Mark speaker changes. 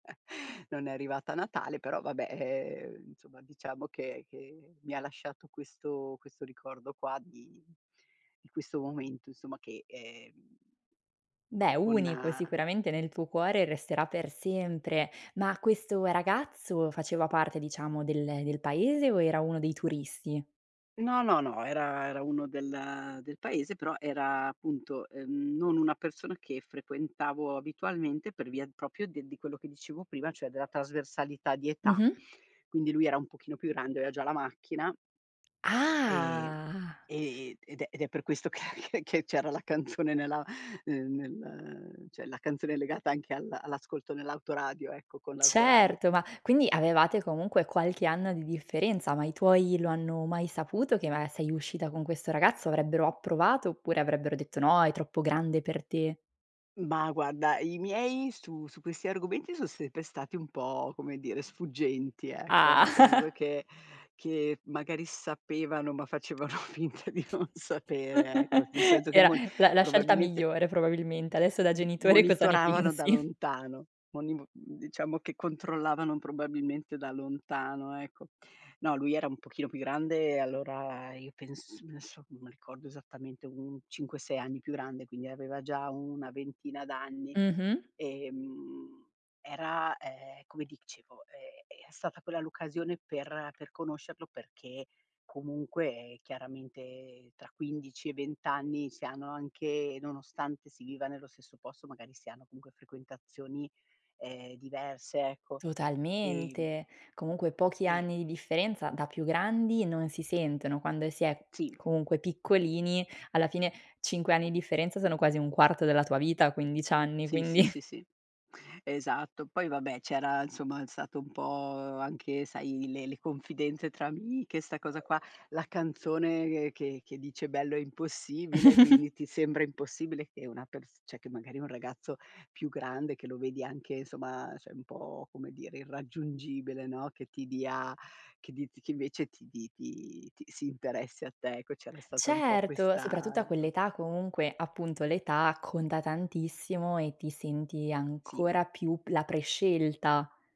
Speaker 1: Non è arrivata a Natale, però vabbè, ehm, insomma diciamo che che mi ha lasciato questo questo ricordo qua di di questo momento insomma che, ehm,
Speaker 2: Beh,
Speaker 1: co con
Speaker 2: unico sicuramente nel tuo cuore resterà per sempre. Ma questo ragazzo faceva parte diciamo del del paese o era uno dei turisti?
Speaker 1: No, no, no, era era uno del del paese, però era appunto, ehm, non una persona che frequentavo abitualmente per via proprio de di quello che dicevo prima, cioè della trasversalità di età.
Speaker 2: Mh-mh.
Speaker 1: Quindi lui era un pochino più grande, aveva già la macchina ehm,
Speaker 2: Ah!
Speaker 1: ehm, ed è ed è per questo che che che c'era la canzone nella ne nel cioè la canzone è legata anche al all'ascolto nell'autoradio, ecco con l'autoradio.
Speaker 2: Certo, ma quindi avevate comunque qualche anno di differenza, ma i tuoi lo hanno mai saputo che maga sei uscita con questo ragazzo? Avrebbero approvato oppure avrebbero detto: "No, è troppo grande per te!"
Speaker 1: Ma guarda, i miei su su questi argomenti son sempre stati un po', come dire, sfuggenti, ecco, nel
Speaker 2: Ah.
Speaker 1: senso che che magari sapevano, ma facevano finta di non sapere, ecco. Nel senso che
Speaker 2: Era
Speaker 1: mon
Speaker 2: la la scelta
Speaker 1: probabilmente
Speaker 2: migliore probabilmente. Adesso da
Speaker 1: m
Speaker 2: genitore cosa ne
Speaker 1: monitoravano da
Speaker 2: pensi?
Speaker 1: lontano, moniv mhmm, diciamo che controllavano probabilmente da lontano, ecco. No, lui era un pochino più grande e allora io penso, adesso non m ricordo esattamente un 5, 6 anni più grande, quindi aveva già una ventina d'anni,
Speaker 2: Mh-mh.
Speaker 1: ehm, era, ehm, come dicevo, ehm, è stata quella l'occasione per per conoscerlo perché, comunque chiaramente tra 15 e 20 anni si hanno anche nonostante si viva nello stesso posto, magari si hanno comunque frequentazioni, ehm, diverse, ecco, ehm
Speaker 2: Totalmente. Comunque pochi
Speaker 1: e
Speaker 2: anni di differenza da più grandi non si sentono. Quando si è
Speaker 1: Sì.
Speaker 2: comunque piccolini, alla fine 5 anni di differenza sono quasi 1/4 della tua vita a 15 anni,
Speaker 1: Sì, sì,
Speaker 2: quindi.
Speaker 1: sì, sì, esatto. Poi vabbè c'era, insomma, stato un po' anche sai, le le confidenze tra amiche, 'sta cosa qua, la canzone che che dice "bello e impossibile", quindi ti sembra impossibile che una pers cioè che magari un ragazzo più grande, che lo vedi anche insomma, cioè un po' come dire, irraggiungibile, no, che ti dia, che di t che invece ti ti ti ti si interessi a te. Ecco, c'era stata un po'
Speaker 2: Certo,
Speaker 1: questa
Speaker 2: soprattutto a quell'età comunque appunto, l'età conta tantissimo e ti senti ancora
Speaker 1: Sì.
Speaker 2: più p la prescelta.